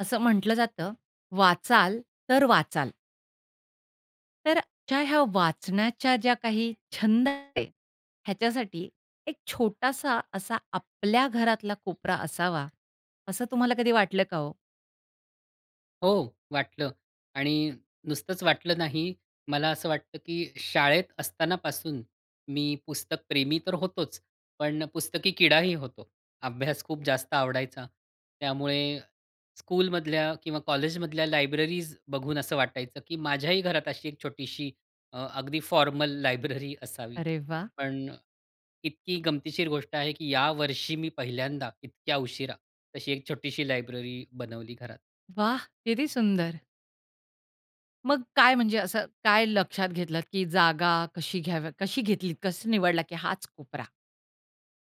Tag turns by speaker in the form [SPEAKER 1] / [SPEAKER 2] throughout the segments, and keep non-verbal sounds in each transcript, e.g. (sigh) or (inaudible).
[SPEAKER 1] असं म्हटलं जातं, "वाचाल तर वाचाल." तर त्या ह्या वाचण्याच्या ज्या काही छंद आहे ह्याच्यासाठी एक छोटासा असा आपल्या घरातला कोपरा असावा, असं तुम्हाला कधी वाटलं का हो?
[SPEAKER 2] हो, वाटलं आणि नुसतंच वाटलं नाही. मला असं वाटतं की शाळेत असतानापासून मी पुस्तक प्रेमी तर होतोच, पण पुस्तकी किडाही होतो. अभ्यास खूप जास्त आवडायचा. त्यामुळे स्कूलमधल्या किंवा कॉलेजमधल्या लायब्ररीज बघून असं वाटायचं की माझ्याही घरात अशी एक छोटीशी अ, अगदी फॉर्मल लायब्ररी असावी.
[SPEAKER 1] अरे वाह!
[SPEAKER 2] पण अ, इतकी गमतीशीर गोष्ट आहे की या वर्षी मी पहिल्यांदा इतक्या उशिरा तशी एक छोटीशी लायब्ररी बनवली घरात.
[SPEAKER 1] वाह! किती सुंदर. मग काय म्हणजे असं काय लक्षात घेतलात की जागा कशी घ्याव्या, कशी घेतलीत? कसं निवडला की हाच कोपरा?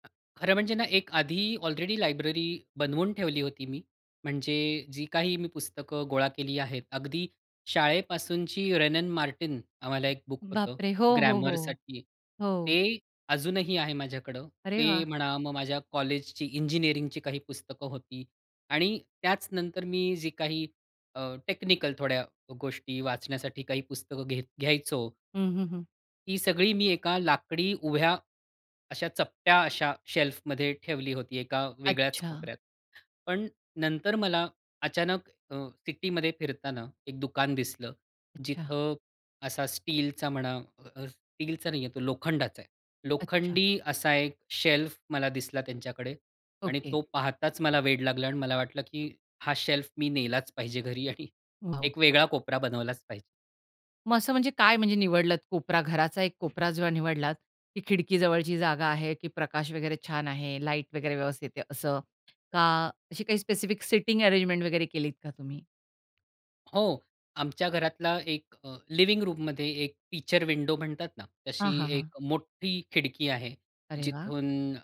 [SPEAKER 2] अ, खरं म्हणजे ना एक आधी ऑलरेडी लायब्ररी बनवून ठेवली होती मी. म्हणजे जी काही मी पुस्तकं गोळा केली आहेत. अगदी शाळेपासूनची रेनन मार्टिन आम्हाला एक बुक होतं.
[SPEAKER 1] बापरे! हो, हो, हो.
[SPEAKER 2] ग्रॅमरसाठी
[SPEAKER 1] हो.
[SPEAKER 2] ते अजूनही आहे माझ्याकडं.
[SPEAKER 1] अरे
[SPEAKER 2] ते
[SPEAKER 1] वाह!
[SPEAKER 2] म्हणा, मग माझ्या कॉलेजची इंजिनिअरिंगची काही पुस्तकं होती आणि त्यात नंतर मी जी काही अ, टेक्निकल थोड्या गोष्टी वाचण्यासाठी काही पुस्तकं घ्याय घ्यायचो.
[SPEAKER 1] हं, हं, हं.
[SPEAKER 2] ही सगळी मी एका लाकडी उभ्या, अशा चप्प्या अशा शेल्फमध्ये ठेवली होती. एका वेगळ्याच
[SPEAKER 1] अच्छा.
[SPEAKER 2] कोपऱ्यात. पण नंतर मला अचानक अ, सिटीमध्ये फिरताना एक दुकान दिसलं.
[SPEAKER 1] अच्छा.
[SPEAKER 2] जिथं असा स्टीलचा म्हणा अ, स्टीलचा नाहीये तो लोखंडाचा आहे.
[SPEAKER 1] अच्छा.
[SPEAKER 2] लोखंडी असा एक शेल्फ मला दिसला त्यांच्याकडे आणि
[SPEAKER 1] ओके.
[SPEAKER 2] तो पाहताच मला वेड लागला आणि मला वाटलं, की हा शेल्फ मी नेलाच पाहिजे घरी. (chuckles) आणि
[SPEAKER 1] वॉव!
[SPEAKER 2] एक वेगळा कोपरा बनवलाच पाहिजे.
[SPEAKER 1] मग असं म्हणजे काय म्हणजे निवडलात कोपरा घराचा एक कोपरा जो आहे निवडलात, की खिडकीजवळची जागा आहे, की प्रकाश वगैरे छान आहे, लाईट वगैरे व्यवस्थित आहे असं. का अशी काही स्पेसिफिक सीटिंग अरेंजमेंट वगैरे केलीत का तुम्ही?
[SPEAKER 2] हो. आमच्या घरातला एक अ, लिव्हिंग रूममध्ये एक फिचर विंडो म्हणतात ना
[SPEAKER 1] हां,
[SPEAKER 2] तशी
[SPEAKER 1] हां, हां.
[SPEAKER 2] एक मोठी खिडकी आहे.
[SPEAKER 1] अरे, वाह!
[SPEAKER 2] जिथून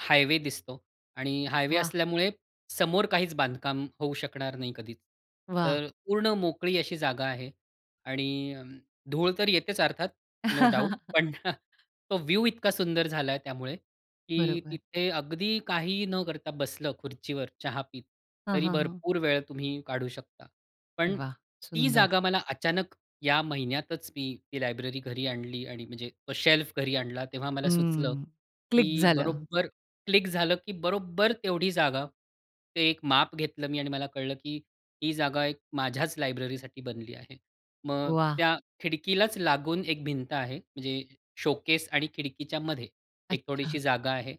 [SPEAKER 2] हायवे दिसतो आणि हायवे
[SPEAKER 1] वाह!
[SPEAKER 2] असल्यामुळे समोर काहीच बांधकाम होऊ शकणार नाही कधीच.
[SPEAKER 1] वाह!
[SPEAKER 2] तर पूर्ण मोकळी अशी जागा आहे. आणि अ, धूळ तर येतेच अर्थात नो डाउट.
[SPEAKER 1] (chuckles)
[SPEAKER 2] पण (chuckles) तो व्ह्यू इतका सुंदर झालाय त्यामुळे, की
[SPEAKER 1] बरोबर.
[SPEAKER 2] तिथे अगदी काहीही न करता बसलं खुर्चीवर चहा पीत,
[SPEAKER 1] हां,
[SPEAKER 2] तरी
[SPEAKER 1] हां, हां.
[SPEAKER 2] भरपूर वेळ तुम्ही काढू शकता. पण
[SPEAKER 1] वाह!
[SPEAKER 2] ती
[SPEAKER 1] सुंदर.
[SPEAKER 2] जागा मला अचानक या महिन्यातच मी ती लायब्ररी घरी आणली. आणि म्हणजे तो शेल्फ घरी आणला तेव्हा मला सुचलं,
[SPEAKER 1] हं, क्लिक
[SPEAKER 2] की
[SPEAKER 1] झालं.
[SPEAKER 2] बरोबर क्लिक झालं, की बरोबर तेवढी जागा, ते एक माप घेतलं मी आणि मला कळलं, की ही जागा एक माझ्याच लायब्ररीसाठी बनली आहे. मग
[SPEAKER 1] वाह!
[SPEAKER 2] त्या खिडकीलाच लागून एक भिंत आहे. म्हणजे शोकेस आणि खिडकीच्यामध्ये एक थोडीशी
[SPEAKER 1] अच्छा.
[SPEAKER 2] जागा आहे.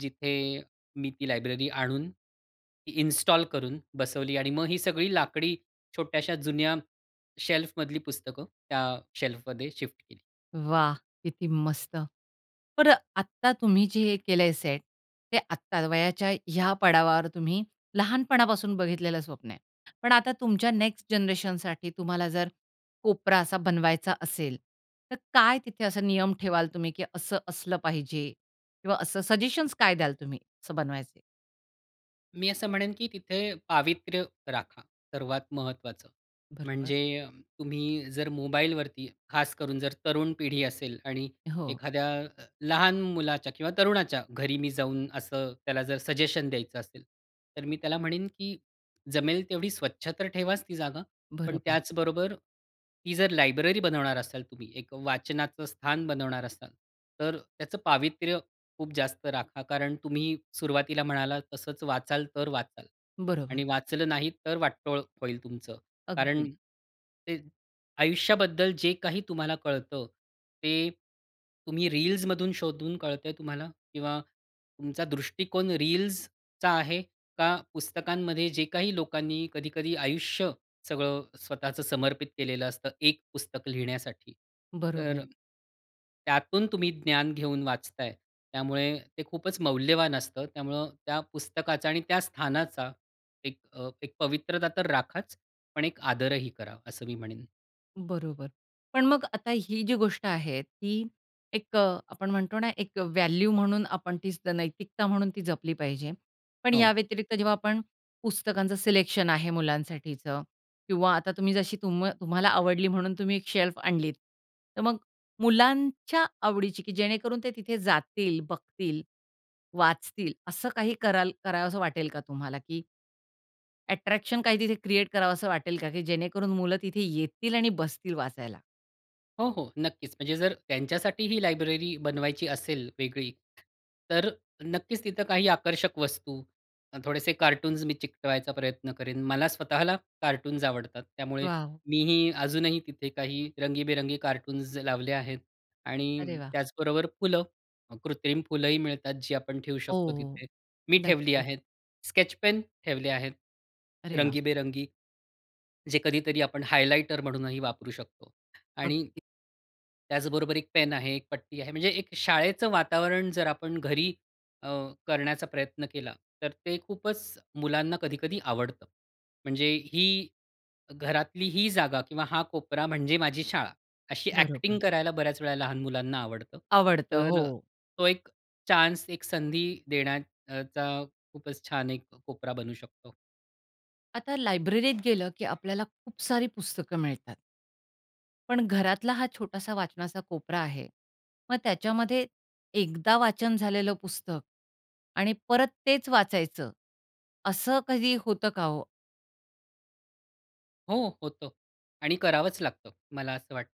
[SPEAKER 2] जिथे मी ती लायब्ररी आणून, ती इन्स्टॉल करून बसवली आणि मग ही सगळी लाकडी छोट्याश्या जुन्या शेल्फमधली पुस्तकं त्या शेल्फमध्ये शिफ्ट केली.
[SPEAKER 1] वाह! किती मस्त. तर आत्ता तुम्ही जे हे केलंय सेट, ते आत्ता वयाच्या ह्या पडावावर तुम्ही लहानपणापासून बघितलेलं स्वप्न आहे. पण आता तुमच्या नेक्स्ट जनरेशनसाठी तुम्हाला जर कोपरा असा बनवायचा असेल, तर काय तिथे असा नियम ठेवाल तुम्ही, की असं असलं पाहिजे किंवा असं सजेशन्स काय द्याल तुम्ही असं बनवायचे?
[SPEAKER 2] मी असं म्हणेन, की तिथे पावित्र्य राखा सर्वात महत्त्वाचं.
[SPEAKER 1] बरोबर.
[SPEAKER 2] म्हणजे अ, तुम्ही जर मोबाईलवरती खास करून, जर तरुण पिढी असेल आणि
[SPEAKER 1] हो.
[SPEAKER 2] एखाद्या लहान मुलाच्या किंवा तरुणाच्या घरी मी जाऊन असं त्याला जर सजेशन द्यायचं असेल, तर मी त्याला म्हणेन, की जमेल तेवढी स्वच्छ तर ठेवाच ती जागा. पण
[SPEAKER 1] बरोबर.
[SPEAKER 2] त्याचबरोबर ती जर लायब्ररी बनवणार असाल तुम्ही. एक वाचनाचं स्थान बनवणार असाल, तर त्याचं पावित्र्य खूप जास्त राखा कारण तुम्ही सुरुवातीला म्हणालात तसंच, "वाचाल तर वाचाल."
[SPEAKER 1] बरोबर.
[SPEAKER 2] आणि वाचलं नाही तर वाटोळं होईल तुमचं
[SPEAKER 1] अगदी.
[SPEAKER 2] कारण ते आयुष्याबद्दल जे काही तुम्हाला कळतं, ते तुम्ही रील्समधून शोधून कळतंय तुम्हाला किंवा तुमचा दृष्टिकोन रील्सचा आहे का पुस्तकांमध्ये जे काही लोकांनी कधी-कधी आयुष्य सगळं स्वतःचं समर्पित केलेलं असतं एक पुस्तक लिहिण्यासाठी,
[SPEAKER 1] बरोबर.
[SPEAKER 2] तर त्यातून तुम्ही ज्ञान घेऊन वाचताय. त्यामुळे ते खूपच मौल्यवान असतं. त्यामुळं त्या पुस्तकाचा आणि त्या स्थानाचा एक अ, एक पवित्रता तर राखाच, पण एक आदरही करा, असं मी म्हणेन.
[SPEAKER 1] बरोबर. पण मग आता ही जी गोष्ट आहे, ती एक अ, आपण म्हणतो ना एक अ, व्हॅल्यू म्हणून आपण ती नैतिकता म्हणून ती जपली पाहिजे. पण या
[SPEAKER 2] हो.
[SPEAKER 1] व्यतिरिक्त जेव्हा आपण पुस्तकांचं सिलेक्शन आहे मुलांसाठीचं किंवा आता तुम्ही जशी तुम तुम्हाला आवडली म्हणून तुम्ही एक शेल्फ आणलीत. तर मग मुलांच्या आवडीची, की जेणेकरून ते तिथे जातील, बघतील, वाचतील, असं काही कराल करावंसं वाटेल का तुम्हाला? की अट्रॅक्शन काय तिथे क्रिएट करावसं वाटेल का, की जेणेकरून मुलं तिथे येतील आणि बसतील वाचायला?
[SPEAKER 2] हो, हो, नक्कीच. म्हणजे जर त्यांच्यासाठी ही लायब्ररी बनवायची असेल वेगळी तर नक्कीच तिथं काही आकर्षक वस्तू अ, थोडेसे कार्टून्स मी चिकटवायचा प्रयत्न करीन. मला स्वतःला कार्टून्स आवडतात. त्यामुळे
[SPEAKER 1] वॉव!
[SPEAKER 2] मीही अजूनही तिथे काही रंगीबेरंगी कार्टून्स लावले आहेत.
[SPEAKER 1] अरे
[SPEAKER 2] आणि
[SPEAKER 1] वाह!
[SPEAKER 2] त्याचबरोबर फुलं, कृत्रिम फुलंही मिळतात जी आपण ठेवू शकतो
[SPEAKER 1] हो.
[SPEAKER 2] तिथे. मी ठेवली
[SPEAKER 1] नक्कीच.
[SPEAKER 2] आहे. स्केच पेन ठेवले आहेत.
[SPEAKER 1] अरे वाह!
[SPEAKER 2] रंगीबेरंगी जे कधीतरी आपण हायलाइटर म्हणूनही वापरू शकतो. आणि,
[SPEAKER 1] अगदी.
[SPEAKER 2] त्याचबरोबर एक पेन आहे, एक पट्टी आहे. म्हणजे एक शाळेचं वातावरण जर आपण घरी अ, करण्याचा प्रयत्न केला, तर ते खूपच मुलांना कधी-कधी आवडतं. म्हणजे ही घरातली ही जागा किंवा हा कोपरा म्हणजे माझी शाळा, अशी ॲक्टिंग
[SPEAKER 1] बरोबर.
[SPEAKER 2] करायला बऱ्याच वेळा लहान मुलांना आवडतं.
[SPEAKER 1] आवडतं.
[SPEAKER 2] तर
[SPEAKER 1] हो.
[SPEAKER 2] तो एक चान्स, एक संधी देण्याचा अ, खूपच छान एक कोपरा बनू शकतो.
[SPEAKER 1] आता लायब्ररीत गेलं की आपल्याला खूप सारी पुस्तकं मिळतात. पण घरातला हा छोटासा वाचनाचा कोपरा आहे. मग त्याच्यामध्ये एकदा वाचन झालेलं पुस्तक आणि परत तेच वाचायचं असं कधी होतं का हो?
[SPEAKER 2] हो, होतं. आणि करावंच लागतं, मला असं वाटतं.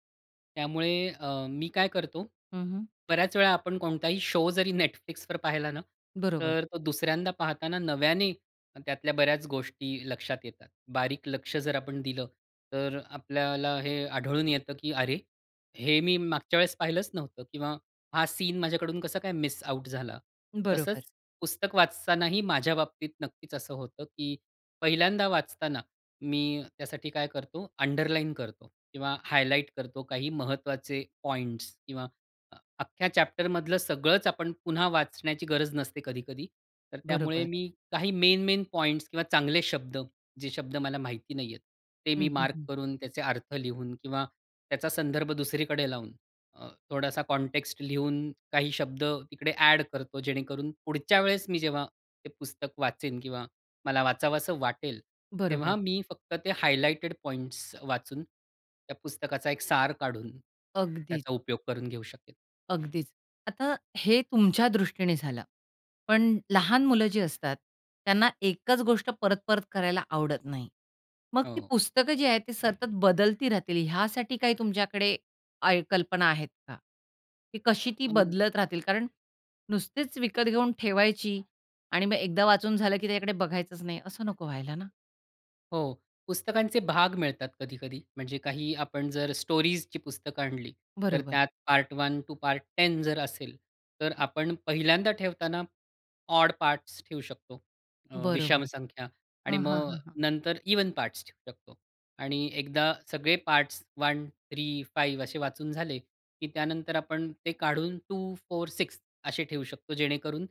[SPEAKER 2] त्यामुळे अ, मी काय करतो?
[SPEAKER 1] हं, हं.
[SPEAKER 2] बऱ्याच वेळा आपण कोणताही शो जरी Netflixवर पाहिला ना,
[SPEAKER 1] बरोबर.
[SPEAKER 2] तर तो दुसऱ्यांदा पाहताना नव्याने, त्यातल्या बऱ्याच गोष्टी लक्षात येतात. बारीक लक्ष जर आपण दिलं, तर अ, आपल्याला हे आढळून येतं की "अरे, हे मी मागच्या वेळेस पाहिलंच नव्हतं." किंवा "हा सीन माझ्याकडून कसं काय मिस आउट झाला?"
[SPEAKER 1] बरोबर.
[SPEAKER 2] तसंच पुस्तक वाचतानाही माझ्या बाबतीत नक्कीच असं होतं की पहिल्यांदा वाचताना मी त्यासाठी काय करतो, अंडरलाईन करतो. किंवा हायलाइट करतो काही महत्वाचे पॉइंट्स किंवा अख्ख्या चॅप्टर मधलं सगळंच आपण पुन्हा वाचण्याची गरज नसते कधी-कधी. तर त्यामुळे
[SPEAKER 1] बरोबर.
[SPEAKER 2] मी काही मेन-मेन पॉइंट्स किंवा चांगले शब्द जे शब्द मला माहिती नाहीहेत. ते
[SPEAKER 1] हं,
[SPEAKER 2] मी
[SPEAKER 1] हं,
[SPEAKER 2] मार्क
[SPEAKER 1] हं.
[SPEAKER 2] करून त्याचे अर्थ लिहून किंवा त्याचा संदर्भ दुसरीकडे लावून, अ, थोडासा कॉन्टेक्स्ट लिहून काही शब्द, तिकडे ॲड करतो जेणेकरून पुढच्या वेळेस मी जेव्हा ते पुस्तक वाचेन किंवा मला वाचावसं वाटेल
[SPEAKER 1] बरोबर.
[SPEAKER 2] तेव्हा मी फक्त ते हायलाइटेड पॉइंट्स वाचून, त्या पुस्तकाचा एक सार काढून
[SPEAKER 1] अगदीच.
[SPEAKER 2] त्याचा उपयोग करून घेऊ शकेल.
[SPEAKER 1] अगदीच. आता हे तुमच्या दृष्टीने झालं, पण लहान मुलं जी असतात, त्यांना एकच गोष्ट परत, परत करायला आवडत नाही. मग ती
[SPEAKER 2] हो.
[SPEAKER 1] पुस्तकं जी आहेत ती सतत बदलती राहतील यासाठी काही तुमच्याकडे आय कल्पना आहेत का? की कशी ती
[SPEAKER 2] (unintelligible)
[SPEAKER 1] बदलत राहतील? कारण नुसतीच विकत घेऊन ठेवायची आणि मग एकदा वाचून झालं की त्याच्याकडे बघायचंच नाही असं नको व्हायला ना.
[SPEAKER 2] हो, पुस्तकांचे भाग मिळतात कधी-कधी म्हणजे काही आपण जर स्टोरीजची पुस्तकं आणली तर
[SPEAKER 1] बरोबर.
[SPEAKER 2] त्यात पार्ट 1 टू पार्ट 10 जर असेल तर आपण पहिल्यांदा ठेवताना ऑड पार्ट्स ठेऊ शकतो. अ, विषम
[SPEAKER 1] बरोबर.
[SPEAKER 2] संख्या आणि
[SPEAKER 1] हां, हां,
[SPEAKER 2] मग
[SPEAKER 1] हां, हां.
[SPEAKER 2] नंतर इव्हन पार्ट्स ठेवू शकतो. आणि एकदा सगळे पार्ट्स 1, 3, 5 असे वाचून झाले की त्यानंतर, आपण ते काढून 2, 4, 6 असे ठेवू शकतो जेणेकरून,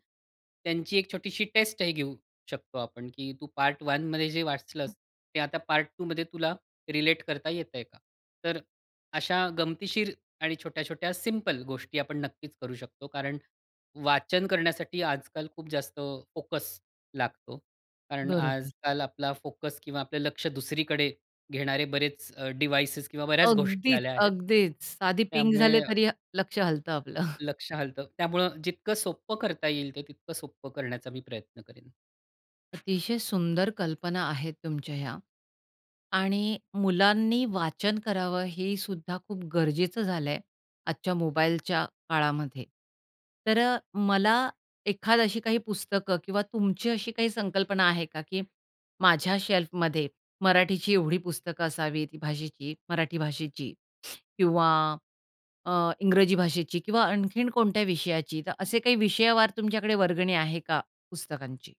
[SPEAKER 2] त्यांची एक छोटीशी टेस्टही घेऊ शकतो आपण, की तू पार्ट 1 मध्ये जे वाचलस ते आता पार्ट 2 मध्ये तुला रिलेट करता येतंय का? तर अशा गमतीशीर आणि छोट्या-छोट्या सिंपल गोष्टी आपण नक्कीच करू शकतो. कारण वाचन करण्यासाठी आजकाल खूप जास्त फोकस लागतो. कारण
[SPEAKER 1] बरोबर.
[SPEAKER 2] आजकाल आपला फोकस किंवा आपलं लक्ष दुसरीकडे घेणारे बरेच डिव्हाइसेस किंवा बऱ्याच गोष्टी
[SPEAKER 1] अगदीच,
[SPEAKER 2] आल्या आहेत.
[SPEAKER 1] अगदीच. साधी पिंक
[SPEAKER 2] त्यामुळे
[SPEAKER 1] झाले
[SPEAKER 2] अ
[SPEAKER 1] तरी लक्ष हलत आपलं. (chuckles)
[SPEAKER 2] लक्ष हलतं. त्यामुळं जितकं सोप्पं करता येईल ते तितकं सोपं करण्याचा मी प्रयत्न करेन.
[SPEAKER 1] अतिशय सुंदर कल्पना आहेत तुमच्या ह्या. आणि मुलांनी वाचन करावं, हे सुद्धा खूप गरजेचं झालंय, आजच्या मोबाईलच्या काळामध्ये. तर अ, मला एखाद अशी काही पुस्तकं किंवा तुमची अशी काही संकल्पना आहे का? की माझ्या शेल्फमध्ये मराठीची एवढी पुस्तकं असावी. ती भाषेची, मराठी भाषेची (sucks teeth) किंवा अ, इंग्रजी भाषेची किंवा आणखीन कोणत्या विषयाची, तर असे काही विषयवार तुमच्याकडे वर्गणी आहे का पुस्तकांची?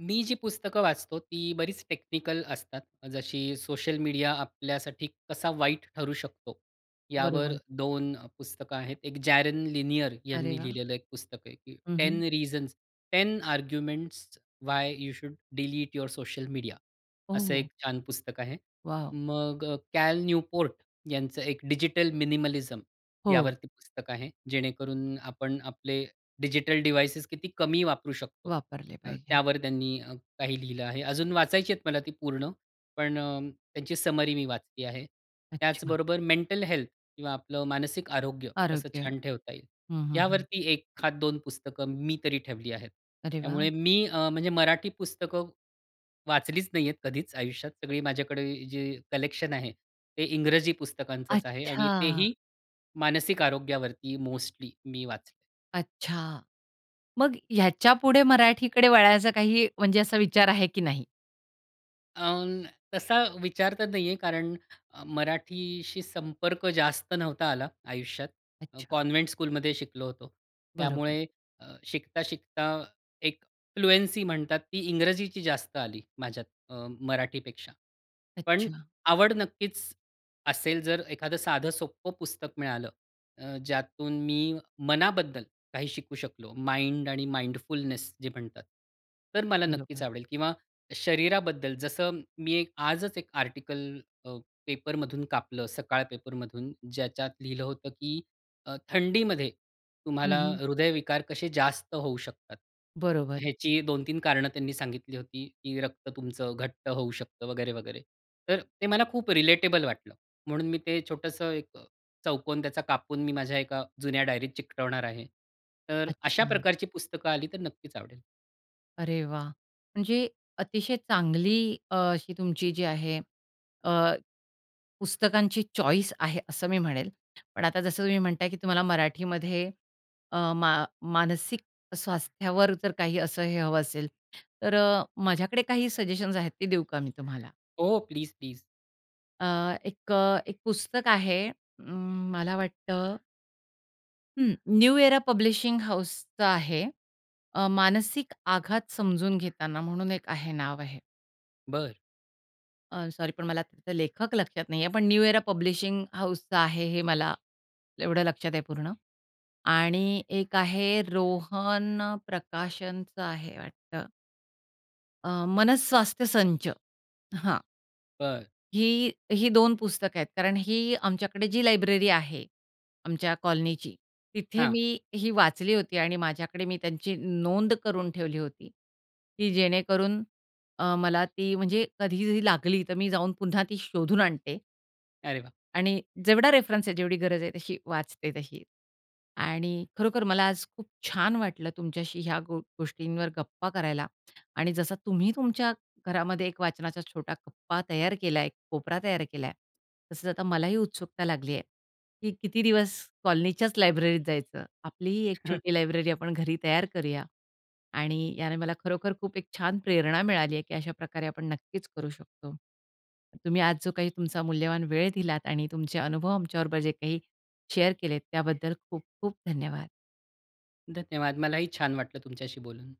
[SPEAKER 2] मी जी पुस्तकं वाचतो ती बरीच टेक्निकल असतात. जशी सोशल मीडिया आपल्यासाठी कसा वाईट ठरू शकतो, यावर
[SPEAKER 1] बरोबर.
[SPEAKER 2] 2 पुस्तकं आहेत. एक जेरॉन लैनियर
[SPEAKER 1] अरे
[SPEAKER 2] यांनी
[SPEAKER 1] वाह!
[SPEAKER 2] लिहिलेलं एक पुस्तक आहे, की
[SPEAKER 1] हं,
[SPEAKER 2] टेन
[SPEAKER 1] हं.
[SPEAKER 2] Reasons ten arguments why you should delete your social media.
[SPEAKER 1] ओ,
[SPEAKER 2] असं
[SPEAKER 1] हो.
[SPEAKER 2] एक छान पुस्तक आहे.
[SPEAKER 1] वॉव!
[SPEAKER 2] मग कैल न्यूपोर्ट यांचं एक, डिजिटल मिनिमलिझम,
[SPEAKER 1] हो.
[SPEAKER 2] यावरती पुस्तक आहे. जेणेकरून आपण आपले डिजिटल डिव्हाइसेस किती कमी वापरू शकतो.
[SPEAKER 1] वापरले
[SPEAKER 2] अ,
[SPEAKER 1] पाहिजेत.
[SPEAKER 2] त्यावर त्यांनी अ, काही लिहिलं आहे. अजून वाचायची आहेत मला ती पूर्ण. पण अ, त्यांची समरी मी वाचली आहे.
[SPEAKER 1] अच्छा.
[SPEAKER 2] त्याचबरोबर मेंटल हेल्थ किंवा आपलं मानसिक आरोग्य कसं
[SPEAKER 1] आरोग्य.
[SPEAKER 2] छान ठेवता येईल.
[SPEAKER 1] हं, हं, हं.
[SPEAKER 2] यावरती एखाद दोन पुस्तकं मी तरी ठेवली आहेत.
[SPEAKER 1] अरे वाह!
[SPEAKER 2] त्यामुळे मी अ, म्हणजे मराठी पुस्तकं वाचलीच नाहीयेत कधीच आयुष्यात. सगळी माझ्याकडे जी कलेक्शन आहे, ते इंग्रजी पुस्तकांचंच आहे आणि
[SPEAKER 1] अच्छा.
[SPEAKER 2] तेही मानसिक आरोग्यावरती मोस्टली मी वाचलंय.
[SPEAKER 1] अच्छा. मग ह्याच्या पुढे मराठीकडे वळायचा काही म्हणजे असा विचार आहे की नाही?
[SPEAKER 2] अ, तसा विचार तर नाहीये कारण मराठीशी संपर्क जास्त नव्हता आला आयुष्यात. अ,
[SPEAKER 1] अच्छा.
[SPEAKER 2] कॉन्व्हेंट स्कूलमध्ये शिकलो होतो.
[SPEAKER 1] बरोबर.
[SPEAKER 2] त्यामुळे अ, शिकता-शिकता एक फ्लुएन्सी म्हणतात ती इंग्रजीची जास्त आली माझ्यात अ, मराठीपेक्षा. पण
[SPEAKER 1] अच्छा.
[SPEAKER 2] आवड नक्कीच असेल, जर एखादं साधं सोप्पं पुस्तक मिळालं. अ, ज्यातून मी मनाबद्दल काही शिकू शकलो माइंड आणि माइंडफुलनेस जे म्हणतात. तर मला नक्कीच
[SPEAKER 1] बरोबर.
[SPEAKER 2] आवडेल किंवा शरीराबद्दल जसं मी आजच एक आर्टिकल अ, पेपरमधून कापलं सकाळ पेपरमधून ज्याच्यात लिहिलं होतं, की अ, थंडीमध्ये
[SPEAKER 1] हं,
[SPEAKER 2] तुम्हाला
[SPEAKER 1] हं.
[SPEAKER 2] हृदयविकार कसे जास्त होऊ शकतात?
[SPEAKER 1] बरोबर.
[SPEAKER 2] ह्याची 2-3 कारणं त्यांनी सांगितली होती. की रक्त तुमचं घट्ट होऊ शकतं वगैरे-वगैरे. तर ते मला खूप रिलेटेबल वाटलं. म्हणून मी ते छोटंसं एक चौकोन त्याचा कापून मी माझ्या एका जुन्या डायरीत चिकटवणार आहे. तर अशा
[SPEAKER 1] अच्छा.
[SPEAKER 2] प्रकारची पुस्तकं आली तर नक्कीच आवडेल.
[SPEAKER 1] अरे वाह! म्हणजे अतिशय चांगली अ, अशी तुमची जी आहे अ, पुस्तकांची चॉईस आहे असं मी म्हणेल. पण आता जसं तुम्ही म्हणताय की तुम्हाला मराठीमध्ये अ, मा मानसिक स्वास्थ्यावर जर काही असं हे हवं असेल तर माझ्याकडे काही सजेशन्स आहेत ते देऊ का मी तुम्हाला?
[SPEAKER 2] ओह! Please, please.
[SPEAKER 1] अ, एक अ, एक पुस्तक आहे. अं, मला वाटतं हं. न्यू इरा पब्लिशिंग हाउसचं आहे अ, मानसिक आघात समजून घेताना म्हणून एक आहे नाव आहे.
[SPEAKER 2] बरं.
[SPEAKER 1] अ, सॉरी पण मला आता लेखक लक्षात नाहीये, पण न्यू इरा पब्लिशिंग हाउसचं आहे हे मला एवढं लक्षात आहे पूर्ण. आणि एक आहे रोहन प्रकाशनचं आहे वाटतं. अ, मनस्वास्थ्य संच. हां.
[SPEAKER 2] बरं
[SPEAKER 1] ही ही 2 पुस्तकं आहेत कारण ही आमच्याकडे जी लायब्ररी आहे. आमच्या कॉलनीची, तिथे
[SPEAKER 2] हां.
[SPEAKER 1] मी ही वाचली होती. आणि माझ्याकडे मी त्यांची नोंद करून ठेवली होती. की जेणेकरून अ, मला ती म्हणजे कधी जरी लागली, तर मी जाऊन पुन्हा ती शोधून आणते.
[SPEAKER 2] अरे वाह!
[SPEAKER 1] आणि जेवढा रेफरन्स आहे, जेवढी गरज आहे, तशी वाचते तशी. आणि खरोखर मला आज खूप छान वाटलं तुमच्याशी ह्या गो गोष्टींवर गप्पा करायला. आणि जसं तुम्ही तुमच्या घरामध्ये एक वाचनाचा छोटा कप्पा तयार केलाय, एक कोपरा तयार केलाय. तसंच आता मलाही उत्सुकता लागली आहे, की किती दिवस कॉलनीच्याच लायब्ररीत जायचं. आपलीही एक
[SPEAKER 2] (chuckles)
[SPEAKER 1] छोटी लायब्ररी आपण घरी तयार करूया आणि याने मला खरोखर खूप एक छान प्रेरणा मिळाली आहे, की अशा प्रकारे आपण नक्कीच करू शकतो. तुम्ही आज जो काही तुमचा मूल्यवान वेळ दिलात आणि तुमचे अनुभव आमच्या बरोबर जे काही शेअर केलेत त्याबद्दल खूप खूप धन्यवाद.
[SPEAKER 2] धन्यवाद. मलाही छान वाटलं तुमच्याशी बोलून.